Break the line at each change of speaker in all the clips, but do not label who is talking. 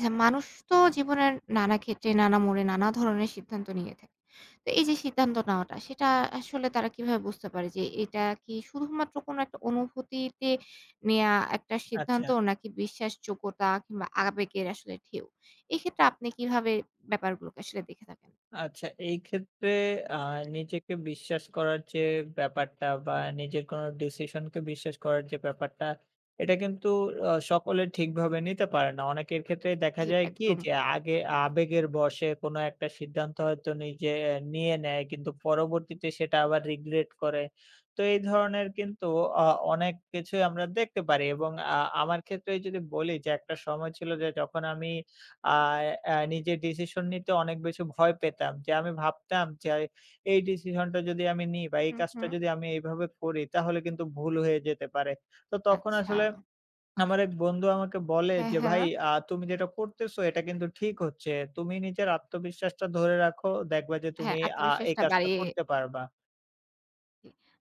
হ্যাঁ, মানুষ তো জীবনের নানা ক্ষেত্রে, নানা মোড়ে, নানা ধরনের সিদ্ধান্ত নিয়ে থাকে। তো এই যে সিদ্ধান্ত নেওয়াটা সেটা আসলে তারা কিভাবে বুঝতে পারে যে এটা কি শুধুমাত্র কোন একটা অনুভূতিতে নেয়া একটা সিদ্ধান্ত
আচ্ছা।
নাকি বিশ্বাসযোগ্যতা কিংবা আবেগের আসলে ঢেউ? এক্ষেত্রে আপনি কিভাবে ব্যাপারগুলোকে আসলে দেখে থাকেন?
আচ্ছা, এইক্ষেত্রে, আ নিজেকে বিশ্বাস করার যে ব্যাপারটা বা নিজের কোন decision-কে বিশ্বাস করার যে ব্যাপারটা এটা কিন্তু অ সকলে ঠিকভাবে নিতে পারে না। অনেকের ক্ষেত্রেই দেখা
জি
যায় কি
একদম।
যে আগে আবেগের বশে কোন একটা সিদ্ধান্ত হয়তো নিজে, নিয়ে নেয় কিন্তু পরবর্তীতে সেটা আবার regret করে। তো এই ধরনের কিন্তু অ অনেক কিছুই আমরা দেখতে পারি এবং আ আমার ক্ষেত্রেই যদি বলি যে একটা সময় ছিল যে যখন আমি আ এ এ নিজের decision নিতে অনেক বেশি ভয় পেতাম। যে আমি ভাবতাম যে এই decision-টা যদি আমি নিই বা এই
হুম,
কাজটা
হুম।
যদি আমি এইভাবে করি তাহলে কিন্তু ভুল হয়ে যেতে পারে। তো তখন
আচ্ছা।
আসলে আমার এক বন্ধু আমাকে বলে
হ্যাঁ,
যে, "ভাই
হ্যাঁ।
আ তুমি যেটা করতেছো এটা কিন্তু ঠিক হচ্ছে। তুমি নিজের আত্মবিশ্বাসটা ধরে রাখো। দেখবা যে
হ্যাঁ,
তুমি আ এই
আত্মবিশ্বাসটা
কাজটা
বাড়িয়ে
করতে পারবা।"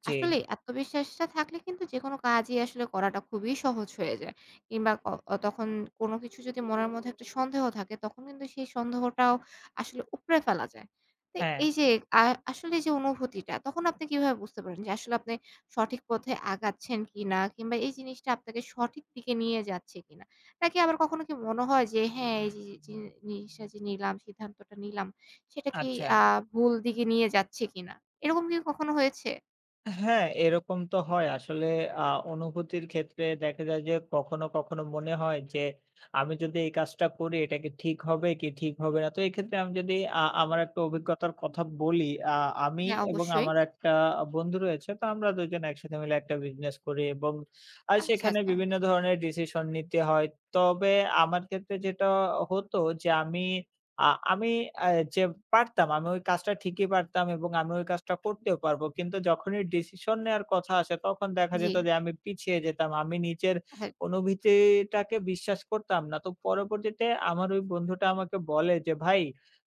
জি।
আসলেই আত্মবিশ্বাসটা থাকলে কিন্তু যেকোনো কাজই আসলে করাটা খুবই সহজ হয়ে যায় কিংবা ক অ তখন কোন কিছু যদি মনের মধ্যে একটু সন্দেহ থাকে তখন কিন্তু সেই সন্দেহটাও আসলে উপড়ে ফেলা যায়। তো
হ্যাঁ।
এই যে আ আসলে যে অনুভূতিটা তখন আপনি কিভাবে বুঝতে পারেন? যে আসলে আপনি সঠিক পথে আগাচ্ছেন কিনা কিংবা এই জিনিসটা আপনাকে সঠিক দিকে নিয়ে যাচ্ছে কিনা? নাকি আবার কখনো কি মনে হয় যে, হ্যাঁ, এই যে, যে, জি-নিসটা যে নিলাম সিদ্ধান্তটা নিলাম সেটা কি
আচ্ছা।
আ ভুল দিকে নিয়ে যাচ্ছে কিনা? এরকম কি কখনো হয়েছে?
হ্যাঁ, এরকম তো হয়। আসলে আ অনুভূতির ক্ষেত্রে দেখা যায় যে, কখনো, কখনো মনে হয় যে, আমি যদি এই কাজটা করি এটা কি ঠিক হবে, কি ঠিক হবে না? তো এক্ষেত্রে আমি যদি আ আমার একটা অভিজ্ঞতার কথা বলি। আ আমি
হ্যাঁ,
এবং
অবশ্যই।
আমার একটা বন্ধু রয়েছে। তো আমরা ২ জন একসাথে মিলে একটা business করি এবং আর
আচ্ছা,
সেখানে
আচ্ছা।
বিভিন্ন ধরনের decision নিতে হয়। তবে আমার ক্ষেত্রে যেটা হতো যে আমি আ আমি এ্যা যে পারতাম আমি ওই কাজটা ঠিকই পারতাম এবং আমি ওই কাজটা করতেও পারবো। কিন্তু যখনই decision নেয়ার কথা আসে তখন দেখা যেত
জি।
যে আমি পিছিয়ে যেতাম। আমি নিজের
হ্যাঁ।
অনুভূতিটাকে বিশ্বাস করতাম না। তো পরবর্তীতে আমার ওই বন্ধুটা আমাকে বলে যে, "ভাই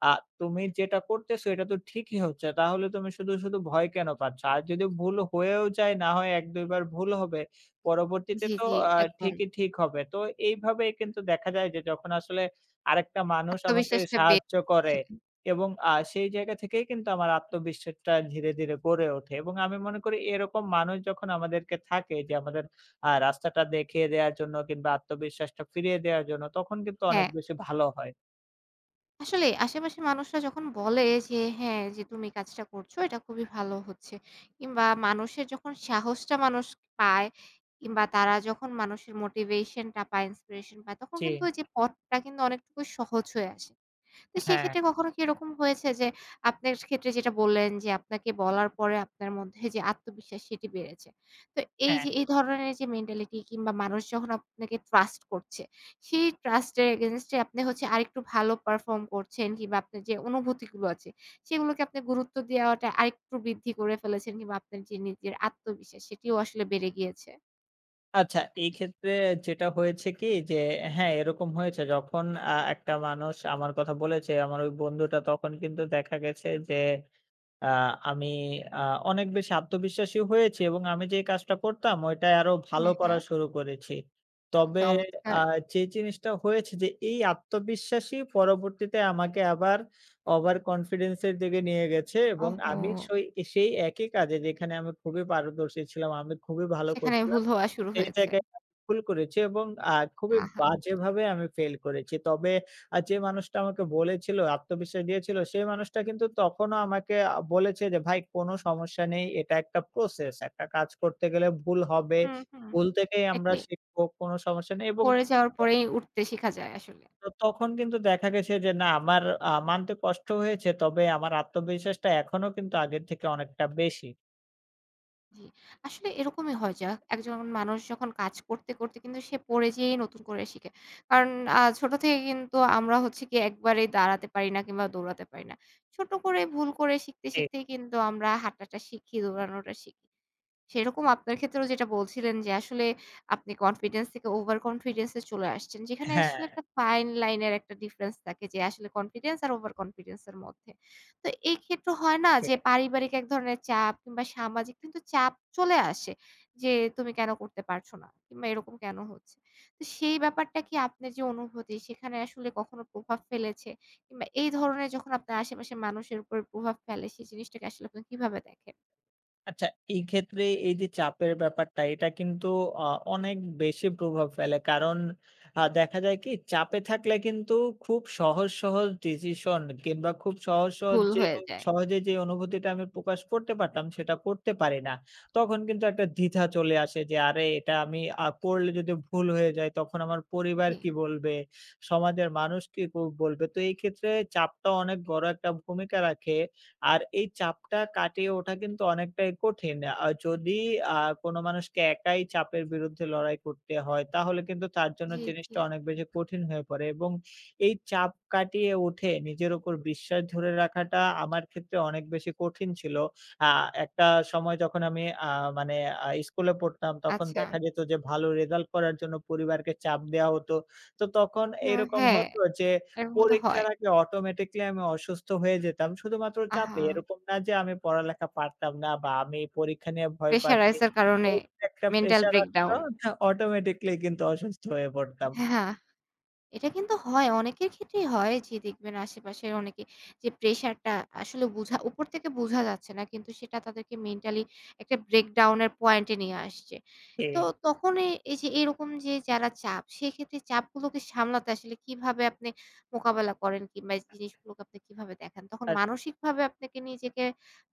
আ তুমি যেটা করতেছো এটা তো ঠিকই হচ্ছে। তাহলে তুমি শুধু, শুধু, ভয় কেন পাচ্ছ? আর যদি ভুল হয়েও যায়, না হয় এক-দুইবার ভুল হবে। পরবর্তীতে
জি,
তো
জি।
আ
একদম।
ঠিকই ঠিক হবে।" তো এইভাবেই কিন্তু দেখা যায় যে যখন আসলে আরেকটা মানুষ আমাকে
আত্মবিশ্বাসটা বে
সাহায্য
ছে।
করে এবং আ সেই জায়গা থেকেই কিন্তু আমার আত্মবিশ্বাসটা ধীরে, ধীরে গড়ে ওঠে এবং আমি মনে করি এরকম মানুষ যখন আমাদেরকে থাকে যে আমাদের আ রাস্তাটা দেখিয়ে দেয়ার জন্য কিংবা আত্মবিশ্বাসটা ফিরিয়ে দেয়ার জন্য তখন কিন্তু অনেক
হ্যাঁ।
বেশি ভালো হয়।
আসলেই আশেপাশের মানুষরা যখন বলে যে, হ্যাঁ, যে তুমি কাজটা করছো এটা খুবই ভালো হচ্ছে। কিংবা মানুষের যখন সাহসটা মানুষ পায় কিংবা তারা যখন মানুষের motivation টা পায়, inspiration পায়, তখন কিন্তু
জি।
ওই যে পথটা কিন্তু অনেক টুকুই সহজ হয়ে আসে। তো
হ্যাঁ।
সেক্ষেত্রে কখনো কি এরকম হয়েছে যে, আপনার ক্ষেত্রে যেটা বললেন যে আপনাকে বলার পরে আপনার মধ্যে যে আত্মবিশ্বাস, সেটি বেড়েছে? তো এই
হ্যাঁ।
যে এই ধরনের যে mentality কিংবা মানুষ যখন আপনাকে trust করছে সেই trust এর against এ আপনি হচ্ছে আরেকটু ভালো perform করছেন কিংবা আপনার যে অনুভূতি গুলো আছে সেগুলোকে আপনি গুরুত্ব দেওয়াটা আরেকটু বৃদ্ধি করে ফেলেছেন কিংবা আপনার যে নিজের আত্মবিশ্বাস সেটিও আসলে বেড়ে গিয়েছে?
আচ্ছা, এই ক্ষেত্রে যেটা হয়েছে কি যে হ্যাঁ, এরকম হয়েছে। যখন, আ একটা মানুষ আমার কথা বলেছে, আমার ওই বন্ধুটা, তখন কিন্তু দেখা গেছে যে, আ আমি আ অনেক বেশি আত্মবিশ্বাসী হয়েছি এবং আমি যে কাজটা করতাম ওটা আরও ভালো
হ্যাঁ,
করা
হ্যাঁ।
শুরু করেছি। তবে, আ
চমৎকার।
যে জিনিসটা হয়েছে যে এই আত্মবিশ্বাসী পরবর্তীতে আমাকে আবার over confidence -এর দিকে নিয়ে গেছে এবং
ওহো!
আমি সই সেই একই কাজে যেখানে আমি খুবই পারদর্শী ছিলাম, আমি খুবই ভালো
সেখানে ভুল
করছিলাম।
হওয়া শুরু
সেই
হয়েছে।
জায়গায় ভুল করেছি এবং আ খুবই
আহা!
বাজেভাবে আমি fail করেছি। তবে, আ যে মানুষটা আমাকে বলেছিল, আত্মবিশ্বাস দিয়েছিল সেই মানুষটা কিন্তু তখনও আমাকে আ বলেছে যে, "ভাই, কোন সমস্যা নেই। এটা একটা process। একটা কাজ করতে গেলে ভুল হবে।
হুম, হুম।
ভুল থেকেই আমরা
এটাই।
শিখবো। কোন সমস্যা নেই।" এবং
পড়ে যাওয়ার
[unintelligible]
পরেই উঠতে
জি।
শেখা যায় আসলেই।
তো তখন কিন্তু দেখা গেছে যে না আমার, আ মানতে কষ্ট হয়েছে তবে আমার আত্মবিশ্বাসটা এখনও কিন্তু আগের থেকে অনেকটা বেশি।
জি। আসলে এরকমই হয় যা একজন মানুষ যখন কাজ করতে, করতে, কিন্তু সে পড়ে যেয়েই নতুন করে শিখে। কারণ আ ছোট থেকে কিন্তু আমরা হচ্ছে গিয়ে একবারেই দাঁড়াতে পারি না কিংবা দৌড়াতে পারি না। ছোট করে ভুল করে শিখতে,
জি।
শিখতেই কিন্তু আমরা হাঁটাটা শিখি, দৌড়ানোটা শিখি। সেরকম আপনার ক্ষেত্রেও যেটা বলছিলেন যে আসলে আপনি confidence থেকে over confidence এ চলে আসছেন, যেখানে
হ্যাঁ।
আসলে একটা fine line এর একটা difference থাকে যে আসলে confidence আর over confidence এর মধ্যে। তো এই ক্ষেত্রে হয় না
জি।
যে পারিবারিক এক ধরনের চাপ কিংবা সামাজিক কিন্তু চাপ চলে আসে যে, তুমি কেন করতে পারছো না কিংবা এরকম কেন হচ্ছে? তো সেই ব্যাপারটা কি আপনার যে অনুভূতি সেখানে আসলে কখনো প্রভাব ফেলেছে? কিংবা এই ধরনের যখন আপনি আশেপাশের মানুষের উপরে প্রভাব ফেলে, সেই জিনিসটাকে আসলে আপনি কিভাবে দেখেন?
আচ্ছা, এই ক্ষেত্রে এই যে চাপের ব্যাপারটা এটা কিন্তু, অ অনেক বেশি প্রভাব ফেলে। কারণ, আ দেখা যায় কি চাপে থাকলে কিন্তু খুব সহজ, সহজ, decision কিংবা খুব সহজ, সহজ
ভুল
যে
হয়ে যায়।
সহজে যে অনুভূতিটা আমি প্রকাশ করতে পারতাম সেটা করতে পারি না। তখন কিন্তু একটা দ্বিধা চলে আসে যে আরে এটা আমি, আ করলে যদি ভুল হয়ে যায় তখন আমার পরিবার কি
জি।
বলবে? সমাজের মানুষ কি ক বলবে? তো এই ক্ষেত্রে চাপটা অনেক বড় একটা ভূমিকা রাখে। আর এই চাপটা কাটিয়ে ওঠা কিন্তু অনেকটাই কঠিন। আর যদি, আ কোন মানুষকে একাই চাপের বিরুদ্ধে লড়াই করতে হয় তাহলে কিন্তু তার জন্য
জি, জি।
জিনিসটা অনেক বেশি কঠিন হয়ে পড়ে, এবং এই চাপ কাটিয়ে উঠে নিজের উপর বিশ্বাস ধরে রাখাটা আমার ক্ষেত্রে অনেক বেশি কঠিন ছিল। আ একটা সময় যখন আমি, আ মানে, আ স্কুলে পড়তাম তখন
আচ্ছা।
দেখা যেত যে ভালো result করার জন্য পরিবারকে চাপ দেওয়া হতো। তো তখন
হ
এইরকম
হ্যাঁ,
হতো যে
এরকম তো হয়।
পরীক্ষার আগে automatically আমি অসুস্থ হয়ে যেতাম শুধুমাত্র চাপে।
আহা।
এরকম না যে আমি পড়ালেখা পারতাম না, বা আমি পরীক্ষা নিয়ে ভয়
pressure
পাচ্ছি
rise এর কারণে
[unintelligible] একটা
mental
pressure আছে
breakdown
[unintelligible] automatically কিন্তু অসুস্থ হয়ে পড়তাম।
হ্যাঁ, আ এটা কিন্তু হয় অনেকের ক্ষেত্রেই হয়। যে দেখবেন আশেপাশের অনেকে যে pressure টা আসলে বোঝা উপর থেকে বোঝা যাচ্ছে না কিন্তু সেটা তাদেরকে mentally একটা breakdown এর point এ নিয়ে আসছে। তো
জি।
তখনই এই যে এইরকম যে যারা চাপ সেক্ষেত্রে চাপগুলোকে সামলাতে আসলে কিভাবে আপনি মোকাবেলা করেন? কিংবা এই জিনিসগুলোকে আপনি কিভাবে দেখেন? তখন
আ
মানসিকভাবে আপনাকে নিজেকে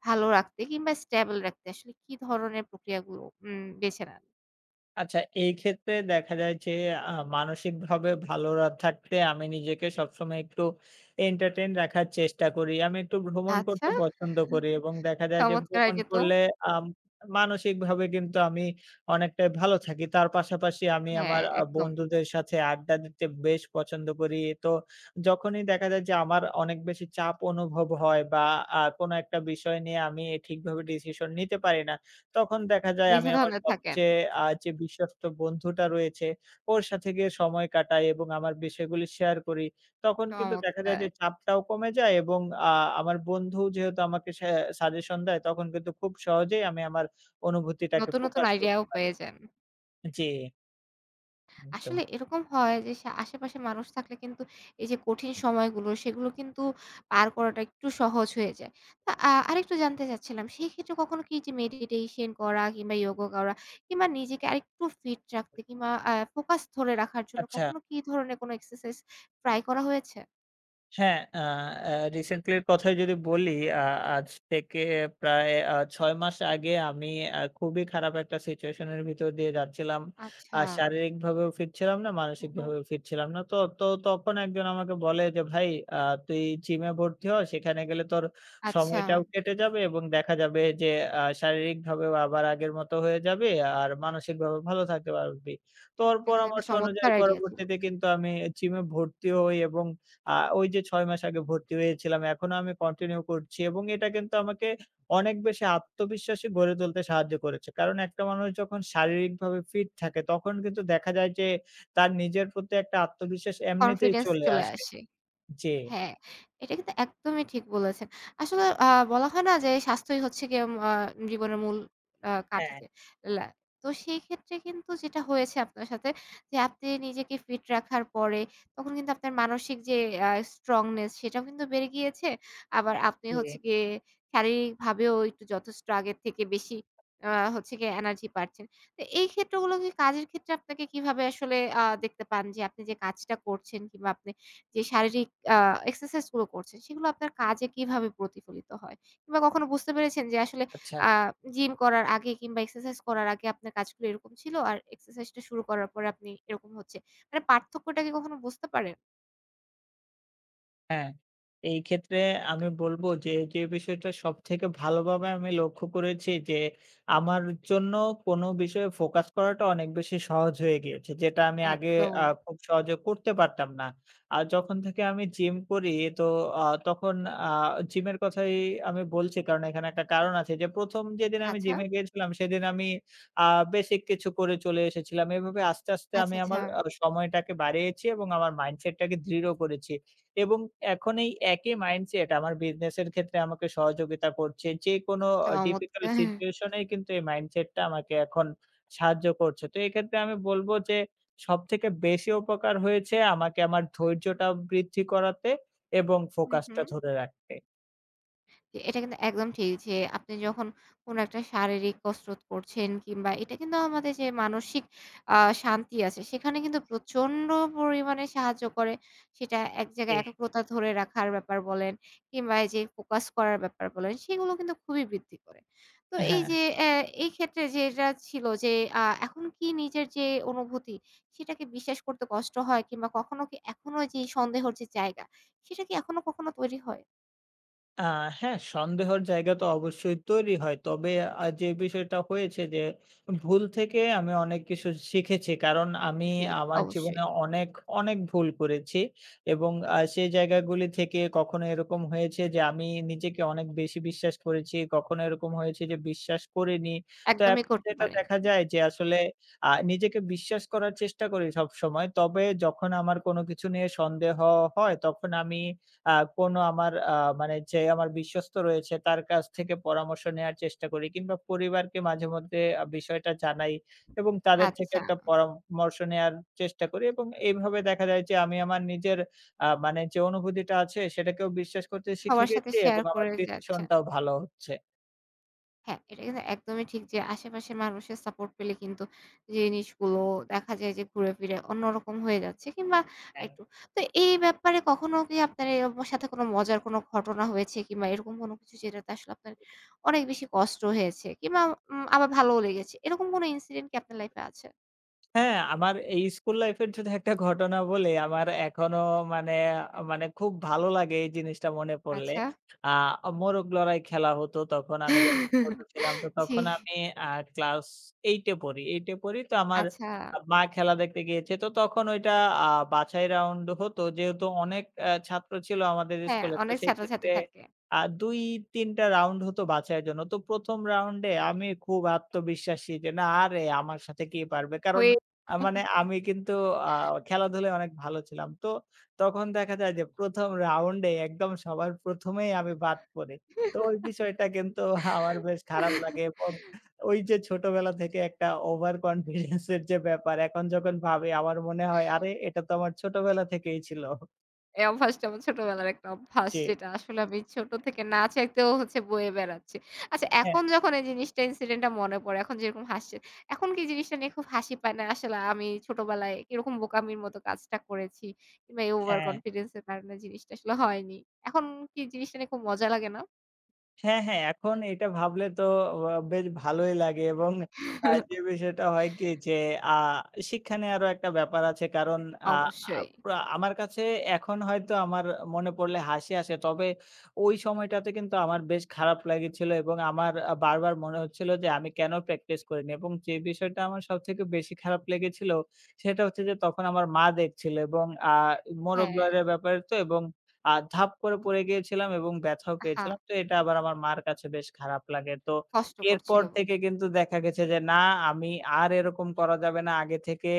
ভালো রাখতে কিংবা stable রাখতে আসলে কি ধরনের প্রক্রিয়াগুলো উম বেছে নেন?
আচ্ছা, এই ক্ষেত্রে দেখা যায় যে আ মানসিকভাবে ভালোরা থাকতে আমি নিজেকে সবসময় একটু entertain রাখার চেষ্টা করি। আমি একটু ভ্রমণ
আচ্ছা
করতে পছন্দ করি এবং দেখা যায় যে
চমৎকার
ভ্রমণ
আইডিয়া তো।
করলে আম মানসিকভাবে কিন্তু আমি অনেকটাই ভালো থাকি। তার পাশাপাশি আমি
হ্যাঁ,
আমার আ
একদম।
বন্ধুদের সাথে আড্ডা দিতে বেশ পছন্দ করি। তো যখনই দেখা যায় যে আমার অনেক বেশি চাপ অনুভব হয় বা আ কোন একটা বিষয় নিয়ে আমি ঠিকভাবে decision নিতে পারি না, তখন দেখা যায় আমি
নিজের
আমার
ধান্দায় থাকেন।
সবচেয়ে আ যে বিশ্বস্ত বন্ধুটা রয়েছে ওর সাথে গিয়ে সময় কাটাই এবং আমার বিষয়গুলি share করি। তখন কিন্তু দেখা যায় যে
চমৎকার।
চাপটাও কমে যায়, এবং আ আমার বন্ধু যেহেতু আমাকে সে suggestion দেয় তখন কিন্তু খুব সহজেই আমি আমার অনুভূতিটাকে
নতুন, নতুন,
প্রকাশ
idea
করতে
ও
পারি।
পেয়ে যান।
জি।
আসলে
[unintelligible]
এরকম হয় যে সা আশেপাশের মানুষ থাকলে কিন্তু এই যে কঠিন সময়গুলো, সেগুলো কিন্তু পার করাটা একটু সহজ হয়ে যায়। তা আ আরেকটু জানতে চাচ্ছিলাম সেইক্ষেত্রে কখনো কি এইযে meditation করা কিংবা yoga করা কিংবা নিজেকে আরেকটু fit রাখতে, কিংবা আ focus ধরে রাখার জন্য
আচ্ছা।
কখনো কি ধরনের কোন exercise try করা হয়েছে?
হ্যাঁ, আ অ্যাঁ রিসেন্টলি এর কথাই যদি বলি আ আজ থেকে প্রায় আ ৬ মাস আগে আমি আ খুবই খারাপ একটা সিচুয়েসন এর ভিতর দিয়ে যাচ্ছিলাম। আ
আচ্ছা।
শারীরিকভাবেও ফিট ছিলাম না,
উ হুম।
মানসিকভাবেও ফিট ছিলাম না। তো, তো, তখন একজন আমাকে বলে যে, "ভাই আ তুই জিম এ ভর্তি হও। সেখানে গেলে তোর
আচ্ছা।
সময়টাও কেটে যাবে এবং দেখা যাবে যে আ শারীরিকভাবেও আবার আগের মত হয়ে যাবি আর মানসিকভাবেও ভালো থাকতে পারবি।" তো ওর
এটা কিন্তু একটা
পরামর্শ অনুযায়ী
চমৎকার আইডিয়া ছিল।
পরবর্তীতে কিন্তু আমি জিম এ ভর্তি হই এবং আ ওই যে ৬ মাস আগে ভর্তি হয়েছিলাম। এখনও আমি কন্টিনিউ করছি এবং এটা কিন্তু আমাকে অনেক বেশি আত্মবিশ্বাসী গড়ে তুলতে সাহায্য করেছে। কারণ একটা মানুষ যখন শারীরিকভাবে ফিট থাকে তখন কিন্তু দেখা যায় যে তার নিজের প্রতি একটা আত্মবিশ্বাস এমনিতেই
কনফিডেন্স
চলে
চলে
আসে।
আসে।
জি।
হ্যাঁ, এটা কিন্তু একদমই ঠিক বলেছেন। আসলে আ বলা হয় না যে স্বাস্থ্যই হচ্ছে গিয়ে আ জীবনের মূল আ কাঠি
হ্যাঁ।
চে লা তো সেইক্ষেত্রে কিন্তু যেটা হয়েছে আপনার সাথে যে আপনি নিজেকে ফিট রাখার পরে তখন কিন্তু আপনার মানসিক যে আ স্ট্রংনেস সেটাও কিন্তু বেড়ে গিয়েছে। আবার আপনি হচ্ছে
জি।
গিয়ে শারীরিক ভাবেও একটু যথেষ্ট আগের থেকে বেশি আ হচ্ছে গিয়ে এনার্জি পাচ্ছেন। তো এই ক্ষেত্রগুলোকে কাজের ক্ষেত্রে আপনাকে কিভাবে আসলে আ দেখতে পান যে আপনি যে কাজটা করছেন কিংবা আপনি যে শারীরিক আ এক্সারসাইজ গুলো করছেন সেগুলো আপনার কাজে কিভাবে প্রতিফলিত হয়? কিংবা কখনো বুঝতে পেরেছেন যে আসলে
আচ্ছা।
আ জিম করার আগে কিংবা এক্সারসাইজ করার আগে আপনার কাজগুলো এরকম ছিল। আর এক্সারসাইজ টা শুরু করার পরে আপনি এরকম হচ্ছে। মানে পার্থক্যটা কি কখনো বুঝতে পারেন?
হ্যাঁ, এই ক্ষেত্রে আমি বলবো যে, যে বিষয়টা সবথেকে ভালোভাবে আমি লক্ষ্য করেছি যে, আমার জন্য কোনো বিষয়ে focus করাটা অনেক বেশি সহজ হয়ে গিয়েছে, যেটা আমি আগে আ
একদম।
খুব সহজে করতে পারতাম না। আ যখন থেকে আমি gym করি তো আ তখন আ gym এর কথাই আমি বলছি, কারণ এখানে একটা কারণ আছে যে, প্রথম যেদিন আমি gym
আচ্ছা।
এ গিয়েছিলাম সেদিন আমি আ বেসিক কিছু করে চলে এসেছিলাম। এভাবে আস্তে, আস্তে
আচ্ছা,
আমি
আচ্ছা।
আমার আ সময়টাকে বাড়িয়েছি, এবং আমার mindset টাকে দৃঢ় করেছি এবং এখন এই একই mindset আমার business এর ক্ষেত্রে আমাকে সহযোগিতা করছে। যেকোনো difficult
চমৎকার
situation এ কিন্তু এই mindset টা আমাকে এখন সাহায্য করছে। তো এক্ষেত্রে আমি বলবো যে, সবথেকে বেশি উপকার হয়েছে আমাকে আমার ধৈর্যটা বৃদ্ধি করাতে এবং
হুম,
focus টা
হুম।
ধরে রাখতে।
জি, এটা কিন্তু একদম ঠিক যে, আপনি যখন কোনো একটা শারীরিক কসরত করছেন, কিংবা এটা কিন্তু আমার মাথায় যে, মানসিক আ শান্তি আছে, সেখানে কিন্তু প্রচণ্ড পরিমাণে সাহায্য করে। সেটা এক জায়গায়
জি।
একগ্রতা ধরে রাখার ব্যাপার বলেন কিংবা এইযে focus করার ব্যাপার বলেন সেগুলো কিন্তু খুবই বৃদ্ধি করে। তো এই
হ্যাঁ।
যে অ্যা এইক্ষেত্রে যেটা ছিল যে আ এখন কি নিজের যে অনুভূতি, সেটাকে বিশ্বাস করতে কষ্ট হয়? কিংবা কখনো কি এখনো যে সন্দেহের যে জায়গা সেটা কি এখনো কখনো তৈরি হয়?
আ হ্যাঁ, সন্দেহের জায়গা তো অবশ্যই তৈরি হয়। তবে আ যে বিষয়টা হয়েছে যে ভুল থেকে আমি অনেক কিছু শিখেছি। কারণ আমি
জি
আমার
অবশ্যই।
জীবনে অনেক, অনেক, ভুল করেছি এবং আ সেই জায়গাগুলি থেকে কখনো এরকম হয়েছে যে আমি নিজেকে অনেক বেশি বিশ্বাস করেছি, কখনো এরকম হয়েছে যে বিশ্বাস করিনি। তো
একদমই
এখন
করতে
যেটা দেখা
পারেননি।
যায় যে আসলে আ নিজেকে বিশ্বাস করার চেষ্টা করি সবসময়। তবে যখন আমার কোন কিছু নিয়ে সন্দেহ হয় তখন আমি আ কোন আমার আ মানে যে আমার বিশ্বস্ত রয়েছে তার কাছ থেকে পরামর্শ নেয়ার চেষ্টা করি কিংবা পরিবারকে মাঝেমধ্যে আ বিষয়টা জানাই এবং তাদের থেকে
আচ্ছা।
একটা পরা-মর্শ নেয়ার চেষ্টা করি এবং এইভাবে দেখা যায় যে আমি আমার নিজের আ মানে যে অনুভূতিটা আছে সেটাকেও বিশ্বাস করতে শিখে
সবার সাথে
গেছি এবং
share
আমার
করে যে
decision
আচ্ছা।
টাও ভালো হচ্ছে।
হ্যাঁ, এটা কিন্তু একদমই ঠিক যে আশেপাশের মানুষের support পেলে কিন্তু যে জিনিসগুলো দেখা যায় যে ঘুরে ফিরে অন্যরকম হয়ে যাচ্ছে কিংবা
হ্যাঁ।
একটু। তো এই ব্যাপারে কখনো কি আপনার [unintelligible] সাথে কোন মজার কোন ঘটনা হয়েছে কিংবা এরকম কোন কিছু যেটাতে আসলে আপনার অনেক বেশি কষ্ট হয়েছে? কিংবা উম আবার ভালোও লেগেছে? এরকম কোন incident কি আপনার life এ আছে?
হ্যাঁ, আমার এই school life এর যদি একটা ঘটনা বলি। আমার এখনও মানে, মানে, খুব ভালো লাগে এই জিনিসটা মনে পড়লে।
আচ্ছা।
আ মোরগ লড়াই খেলা হতো তখন আমি যখন ছোট ছিলাম তো
জি।
তখন আমি আ class 8 এ পড়ি। 8 এ পড়ি তো আমার
আচ্ছা।
মা খেলা দেখতে গিয়েছে। তো তখন ওইটা আ বাছাই round হতো। যেহেতু অনেক অ্যা ছাত্র ছিল আমাদের
হ্যাঁ,
school এ তো
অনেক ছাত্রছাত্রী
সেক্ষেত্রে
থাকে।
আর আ ২-৩ টা round হত বাছাইয়ের জন্য। তো ১ম round-এ আমি খুব আত্মবিশ্বাসী যে না আরে আমার সাথে কে পারবে? কারণ
হয়ে।
আ মানে
[unintelligible]
আমি কিন্তু আ খেলাধুলায় অনেক ভালো ছিলাম। তো তখন দেখা যায় যে ১ম round-এ একদম সবার প্রথমেই আমি বাদ পড়ি। তো ওই বিষয়টা কিন্তু আমার বেশ খারাপ লাগে এবং ওই যে ছোটবেলা থেকে একটা over confidence-এর যে ব্যাপার এখন যখন ভাবি আমার মনে হয় আরে এটা তো আমার ছোটবেলা থেকেই ছিল।
এই অভ্যাসটা আমার ছোটবেলার একটা অভ্যাস,
জি।
যেটা আসলে আমি ছোট থেকে না চাইতেও হচ্ছে বয়ে বেড়াচ্ছি। আচ্ছা
হ্যাঁ।
এখন যখন এই জিনিসটা incident টা মনে পড়ে, এখন যেরকম হাসছেন, এখন কি জিনিসটা নিয়ে খুব হাসি পায় না? আসলে আমি ছোটবেলায় কিরকম বোকামির মতো কাজটা করেছি? কিংবা এই over
হ্যাঁ।
confidence এর কারণে জিনিসটা আসলে হয়নি। এখন কি জিনিসটা নিয়ে খুব মজা লাগে না?
হ্যাঁ, হ্যাঁ, এখন এটা ভাবলে তো অ বেশ ভালোই লাগে এবং আর যে বিষয় সেটা হয় কি যে, আ শিক্ষা নেওয়ারও একটা ব্যাপার আছে, কারণ আ
অবশ্যই।
আ আমার কাছে এখন হয়তো আমার মনে পড়লে হাসি আসে। তবে ওই সময়টাতে কিন্তু আমার বেশ খারাপ লেগেছিল, এবং আমার আ বারবার মনে হচ্ছিল যে, আমি কেনো practice করিনি? এবং যে বিষয়টা আমার সবথেকে বেশি খারাপ লেগেছিল সেটা হচ্ছে যে, তখন আমার মা দেখছিল, এবং আ মোরগ
হ্যাঁ।
লড়াইয়ের ব্যাপার তো এবং আ ধাপ করে পড়ে গিয়েছিলাম, এবং ব্যথাও
আ হা।
পেয়েছিলাম, তো এটা আবার আমার মার কাছে বেশ খারাপ লাগে। তো
কষ্টকর
এরপর
ছিলো।
থেকে কিন্তু দেখা গেছে যে, না, আমি আর এরকম করা যাবে না, আগে থেকে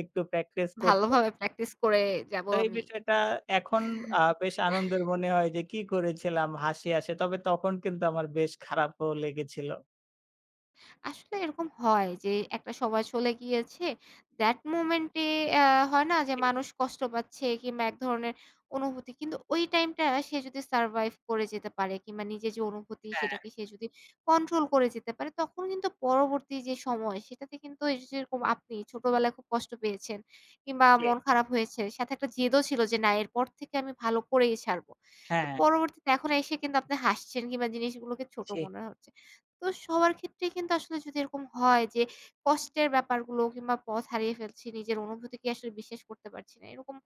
একটু practice করতে
ভালোভাবে practice করে যাবো
তো এই
আমি।
বিষয়টা এখন আ বেশ আনন্দের মনে হয় যে, কি করেছিলাম? হাসি আসে, তবে তখন কিন্তু আমার বেশ খারাপও লেগেছিল।
আসলে এরকম হয় যে একটা সময় চলে গিয়েছে that moment এ অ্যা হয় না যে
[unintelligible]
মানুষ কষ্ট পাচ্ছে। কিংবা এক ধরনের অনুভূতি কিন্তু ওই টাইমটা সে যদি survive করে যেতে পারে কিংবা নিজের যে অনুভূতি
হ্যাঁ।
সেটাকে সে যদি control করে যেতে পারে। তখন কিন্তু পরবর্তী যে সময় সেটাতে কিন্তু এইযে যেরকম আপনি ছোটবেলায় খুব কষ্ট পেয়েছেন কিংবা
জি।
মন খারাপ হয়েছে সাথে একটা জেদও ছিল যে না এরপর থেকে আমি ভালো করেই ছাড়বো। তো
হ্যাঁ।
পরবর্তীতে এখন এসে কিন্তু আপনি হাসছেন কিংবা জিনিসগুলোকে ছোট
জি।
মনে হচ্ছে। তো সবার ক্ষেত্রেই কিন্তু আসলে যদি এরকম হয় যে কষ্টের ব্যাপারগুলো কিংবা পথ হারিয়ে ফেলছি নিজের অনুভূতিকে আসলে বিশ্বাস করতে পারছি না। এরকম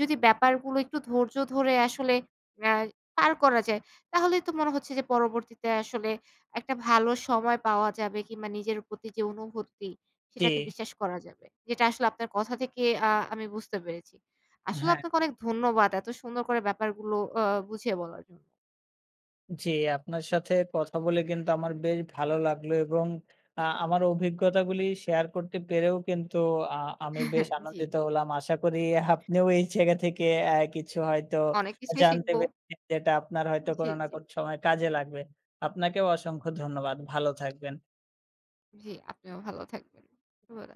যদি ব্যাপারগুলো একটু ধৈর্য ধরে আসলে অ্যা পার করা যায় তাহলে তো মনে হচ্ছে যে পরবর্তীতে আসলে একটা ভালো সময় পাওয়া যাবে কিংবা নিজের প্রতি যে অনুভূতি সেটাকে
জি।
বিশ্বাস করা যাবে। যেটা আসলে আপনার কথা থেকে আ আমি বুঝতে পেরেছি। আসলে
হ্যা।
আপনাকে অনেক ধন্যবাদ এত সুন্দর করে ব্যাপারগুলো আ বুঝিয়ে বলার জন্য।
জি আপনার সাথে কথা বলে কিন্তু আমার বেশ ভালো লাগলো এবং আ আমার অভিজ্ঞতাগুলি share করতে পেরেও কিন্তু আ আমি বেশ
জি।
আনন্দিত হলাম। আশা করি আপনিও এই জায়গা থেকে অ্যা কিছু হয়তো
অনেক কিছুই
জানতে
শিখবো।
পে [unintelligible] যেটা আপনার হয়তো
জি,
কোনো না
জি।
কোন সময়ে কাজে লাগবে। আপনাকেও অসংখ্য ধন্যবাদ। ভালো থাকবেন।
জি, আপনিও ভালো থাকবেন। শুভরা